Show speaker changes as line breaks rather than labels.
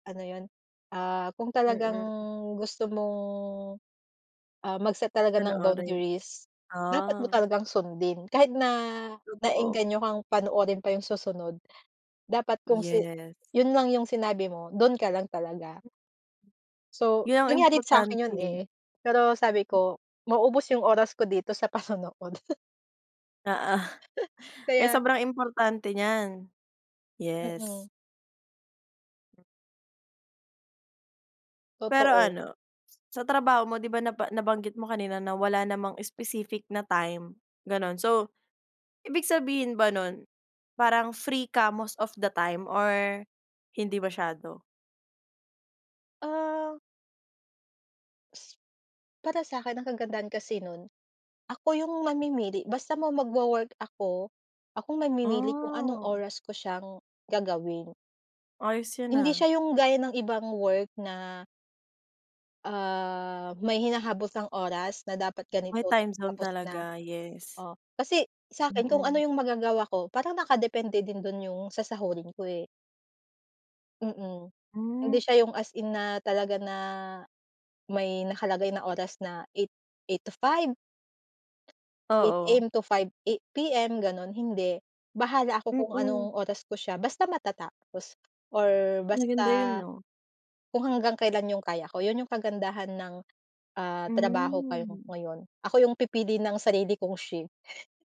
Ano yun? Ah, kung talagang
Mm.
gusto mong, ah, mag-set talaga ng
Panoorin.
boundaries. Dapat mo
Ah.
talagang sundin. Kahit na,
Totoo.
nae-engganyo kang panoorin pa yung susunod. Dapat kung si
Yes.
yun lang yung sinabi mo dun ka lang talaga. So
Yun ang
nangyari sa'kin yun,
importante.
eh, pero sabi ko maubos yung oras ko dito sa panonood.
Na, ah. Kaya
Kaya
sobrang importante niyan. Yes.
Mm.
Pero
Totoo.
ano, sa trabaho mo, 'di ba naba nabanggit mo kanina na wala namang specific na time, ganun. So, ibig sabihin ba nun parang free ka most of the time or hindi masyado?
Ah. Para sa 'kin ang kagandahan kasi nun, ako yung mamimili basta mo magwo-work ako, akong namimili kung anong
Ah.
oras ko siyang gagawin.
Ayos 'yan
Hindi
ah.
siya yung gaya ng ibang work na ah, may hinahabos ang oras na dapat ganito
May
ta
time zone
tapos na.
talaga yes.
O kasi sa 'kin kung ano
Mm.
yung magagawa ko parang nakadepende din dun yung sasahurin ko, eh. Mm, hindi
Hmm.
siya yung as in na talaga na may nakalagay na oras na 8:00, 8:00 to 5:00 Eight
Oo.
AM to, 5:00 PM eh, ganun hindi. Bahala ako kung
Mm.
anong oras ko siya basta matatapos or basta.
Maganda yun 'no?
Kung hanggang kailan yung kaya ko yun yung kagandahan ng, ah, trabaho kayong
Mhm.
ngayon ako yung pipili ng sarili kong shift.